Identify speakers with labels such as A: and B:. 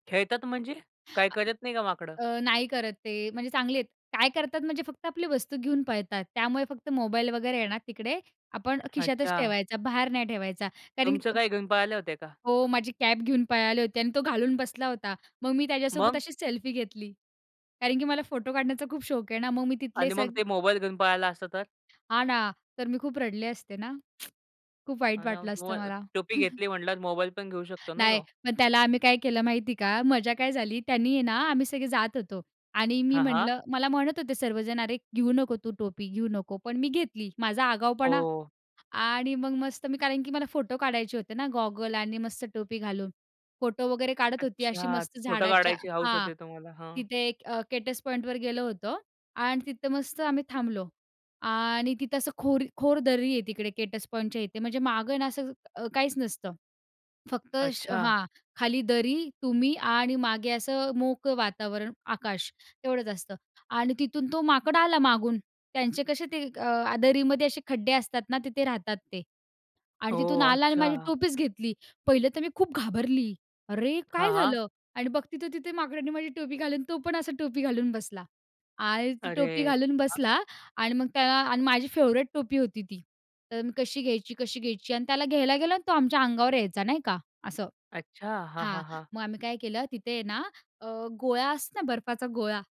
A: खेळतात म्हणजे? काय करत नाही का माकडं?
B: अ, नाही करत ते, म्हणजे चांगली आहेत. काय करतात म्हणजे फक्त आपली वस्तू घेऊन पळतात. त्यामुळे फक्त मोबाईल वगैरे आहे ना, तिकडे आपण खिशातच
A: अच्छा.
B: ठेवायचा, बाहेर नाही ठेवायचा. कारण
A: तुमचं
B: की.
A: काही घेऊन पाळले होते का?
B: हो, माझी कॅप घेऊन पळाले होते. आणि तो घालून बसला होता. मग मी त्याच्यासोबत
A: मग?
B: अशीच सेल्फी घेतली. कारण की मला फोटो काढण्याचा खूप शौक आहे ना, मग मी तिथले
A: आणि मग
B: सग
A: ते मोबाईल घेऊन पळायला असतं तर?
B: हां ना. तर मी खूप रडले असते ना. खूप वाईट
A: हां ना,
B: वाटलं
A: हो.
B: असतं
A: [unintelligible]
B: मला.
A: टोपी घेतली म्हटलास, मोबाईल पण घेऊ शकतो ना
B: नाही,
A: तो?
B: मग त्याला आम्ही काय केलं माहिती का, मजा काय झाली त्यानी आहे ना, आम्ही सगळे जात होतो आणि मी
A: हां, हां.
B: म्हटलं, मला म्हणत होते सर्वजण, "अरे, घेऊ नको तू टोपी, घेऊ नको." पण मी घेतली. माझा आगाऊपणा.
A: ओह!
B: आणि मग मस्त मी, कारण की मला फोटो काढायचे होते ना, गॉगल आणि मस्त टोपी घालून फोटो वगैरे काढत होती, अशी
A: अच्छा!
B: मस्त
A: फोटो
B: झाडाच्या
A: काढायची हौस
B: हां.
A: होते तुम्हाला. हं.
B: तिथे एक अ, केटस पॉईंटवर गेलं होतो आणि तिथं मस्त आम्ही थांबलो. आणि तिथे असं खोल खोल दरी आहे तिकडे, केटस पॉईंटच्या इथे म्हणजे मागे ना, असं अ, काहीच नसतं. फक्त
A: अच्छा.
B: हां. खाली दरी, तुम्ही आणि मागे असं मोकळं वातावरण, आकाश तेवढंच असतं आणि तिथून तो माकड आला मागून. त्यांचे कसे ते अ, दरीमध्ये असे खड्डे असतात ना, तिथे राहतात ते आणि तिथून
A: ओह!
B: आला आणि माझी
A: अच्छा.
B: टोपीच घेतली. पाहिलं तर मी खूप घाबरली. "अरे!
A: हां,
B: काय
A: हां.
B: झालं?" आणि बघते तर तिथे माकडाने माझी टोपी घालून तो पण, असा टोपी घालून बसला आणि तो टोपी
A: अरे!
B: घालून
A: हं.
B: बसला. आणि मग त, अ, माझी फेव्हरेट टोपी होती ती, तर मी कशी घ्यायची, कशी घ्यायची? आणि त्याला घ्यायला गेलो आणि तो आमच्या अंगावर यायचा नाही का असं,
A: अच्छा! हां,
B: हां.
A: हां, हां.
B: मग आम्ही काय केलं तिथे ना, अ, गोळा असतो ना बर्फाचा गोळा.